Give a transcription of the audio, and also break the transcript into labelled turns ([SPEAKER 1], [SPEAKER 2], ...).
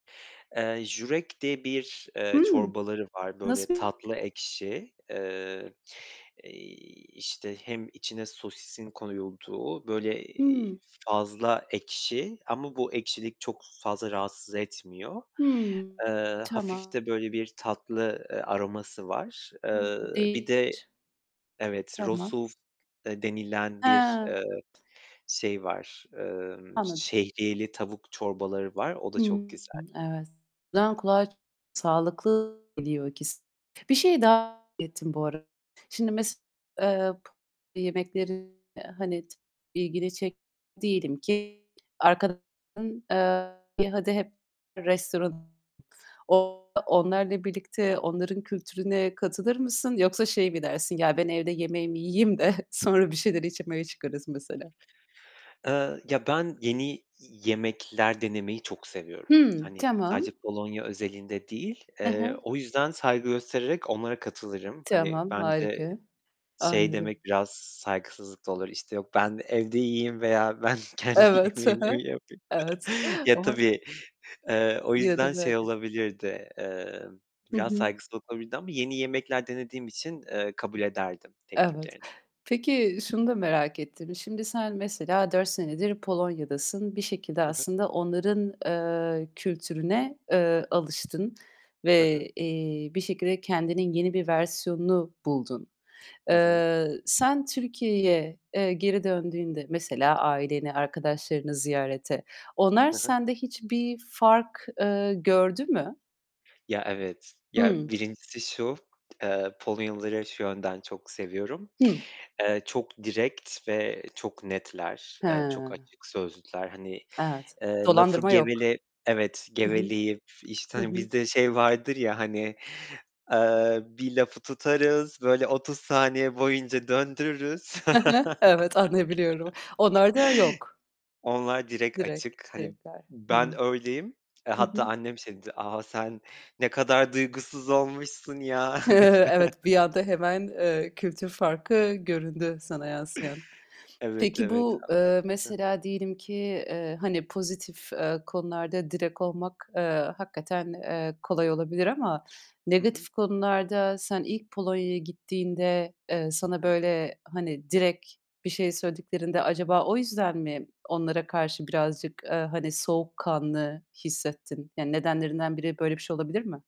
[SPEAKER 1] Eee, żurek diye bir, eee,
[SPEAKER 2] Hımm.
[SPEAKER 1] çorbaları var. Böyle
[SPEAKER 2] Nasıl?
[SPEAKER 1] tatlı ekşi, eee, iii, işte, hem içine sosisin koyulduğu, böyle, eee,
[SPEAKER 2] Hımm.
[SPEAKER 1] fazla ekşi ama bu ekşilik çok fazla rahatsız etmiyor.
[SPEAKER 2] Hımm,
[SPEAKER 1] Eee, hafif
[SPEAKER 2] tamam.
[SPEAKER 1] de böyle bir tatlı, eee, aroması var. Eee,
[SPEAKER 2] [unintelligible]
[SPEAKER 1] bir de
[SPEAKER 2] Değiş
[SPEAKER 1] Evet,
[SPEAKER 2] Tamam.
[SPEAKER 1] rosół da denilen bir,
[SPEAKER 2] Hee.
[SPEAKER 1] eee, şeyi var, eee,
[SPEAKER 2] Anladım.
[SPEAKER 1] şehriyeli tavuk çorbaları var, o da çok
[SPEAKER 2] Hımm,
[SPEAKER 1] güzel.
[SPEAKER 2] evet. O zaman kulağa sağlıklı geliyor ikisi. Bir şeyi daha merak ettim bu arada. Şimdi mesela, eee, pı yemeklerine, hani, ilgini çeken değilim ki arkadaşların, eee, hadi, hep restoran o onlarla birlikte onların kültürüne katılır mısın yoksa şey mi dersin? "Ya ben evde yemeğimi yiyeyim de sonra bir şeyler içmeye çıkarız." mesela.
[SPEAKER 1] Eee, ya, ben yeni i yemekler denemeyi çok seviyorum.
[SPEAKER 2] Hımm,
[SPEAKER 1] Hani
[SPEAKER 2] tamam.
[SPEAKER 1] sadece Polonya özelinde değil.
[SPEAKER 2] Hı
[SPEAKER 1] Eee,
[SPEAKER 2] hı.
[SPEAKER 1] o yüzden saygı göstererek onlara katılırım. Hani,
[SPEAKER 2] Tamam,
[SPEAKER 1] bence
[SPEAKER 2] harika.
[SPEAKER 1] şey
[SPEAKER 2] Anladım.
[SPEAKER 1] demek biraz saygısızlık da olur. İşte, yok ben evde yiyeyim veya ben kendi
[SPEAKER 2] Evet, hı
[SPEAKER 1] yemeğimi mi
[SPEAKER 2] hı.
[SPEAKER 1] yapayım?
[SPEAKER 2] Evet
[SPEAKER 1] Ya,
[SPEAKER 2] ama
[SPEAKER 1] tabii, eee, o
[SPEAKER 2] Yine de
[SPEAKER 1] yüzden şey
[SPEAKER 2] merak et
[SPEAKER 1] olabilirdi, eee,
[SPEAKER 2] Hı
[SPEAKER 1] biraz
[SPEAKER 2] hı.
[SPEAKER 1] saygısızlık olabilirdi ama yeni yemekler denediğim için, eee, kabul ederdim
[SPEAKER 2] Evet.
[SPEAKER 1] tekliflerini.
[SPEAKER 2] Peki şunu da merak ettim. Şimdi sen mesela 4 senedir Polonya'dasın. Bir şekilde
[SPEAKER 1] Hı hı.
[SPEAKER 2] aslında onların, eee, kültürüne, eee, alıştın
[SPEAKER 1] Hı hı.
[SPEAKER 2] ve, eee, bir şekilde kendinin yeni bir versiyonunu buldun.
[SPEAKER 1] Hı hı.
[SPEAKER 2] Eee, sen Türkiye'ye, eee, geri döndüğünde mesela aileni, arkadaşlarını ziyarete onlar
[SPEAKER 1] Hı hı.
[SPEAKER 2] sende hiçbir fark, eee, gördü mü?
[SPEAKER 1] Ya, evet. Ya,
[SPEAKER 2] Hımm.
[SPEAKER 1] 1'incisi şu: Eee, Polonyalıları şu yönden çok seviyorum.
[SPEAKER 2] Hı.
[SPEAKER 1] Eee, çok direkt ve çok netler. Eee, çok
[SPEAKER 2] Hee.
[SPEAKER 1] açık sözlüler. Hani,
[SPEAKER 2] Evet.
[SPEAKER 1] eee, lafı
[SPEAKER 2] Dolandırma yok.
[SPEAKER 1] gevele Evet,
[SPEAKER 2] Hı hı.
[SPEAKER 1] geveleyip, işte,
[SPEAKER 2] Hı
[SPEAKER 1] hani,
[SPEAKER 2] hı.
[SPEAKER 1] bizde şey vardır ya, hani, eee, bir lafı tutarız, böyle 30 saniye boyunca döndürürüz.
[SPEAKER 2] Hı hı. Evet, anlayabiliyorum. Onlarda yok.
[SPEAKER 1] Onlar direkt
[SPEAKER 2] Direkt,
[SPEAKER 1] açık. Hani
[SPEAKER 2] direktler. Hımm.
[SPEAKER 1] ben öyleyim.
[SPEAKER 2] Hı
[SPEAKER 1] Hatta
[SPEAKER 2] hı.
[SPEAKER 1] annem şey dedi: "A, sen ne kadar duygusuz olmuşsun ya." dedi.
[SPEAKER 2] Evet, bir anda hemen, eee, kültür farkı göründü sana yansıyan.
[SPEAKER 1] Evet,
[SPEAKER 2] Peki
[SPEAKER 1] evet.
[SPEAKER 2] bu,
[SPEAKER 1] A
[SPEAKER 2] eee,
[SPEAKER 1] Hı.
[SPEAKER 2] mesela diyelim ki, eee, hani, pozitif, eee, konularda direkt olmak, eee, hakikaten, eee, kolay olabilir ama
[SPEAKER 1] Hı hı.
[SPEAKER 2] negatif konularda sen ilk Polonya'ya gittiğinde, eee, sana
[SPEAKER 1] He he.
[SPEAKER 2] böyle, hani, direkt bir şey söylediklerinde acaba o yüzden mi onlara karşı birazcık, eee, hani, soğukkanlı hissettin? Yani nedenlerinden biri böyle bir şey olabilir mi?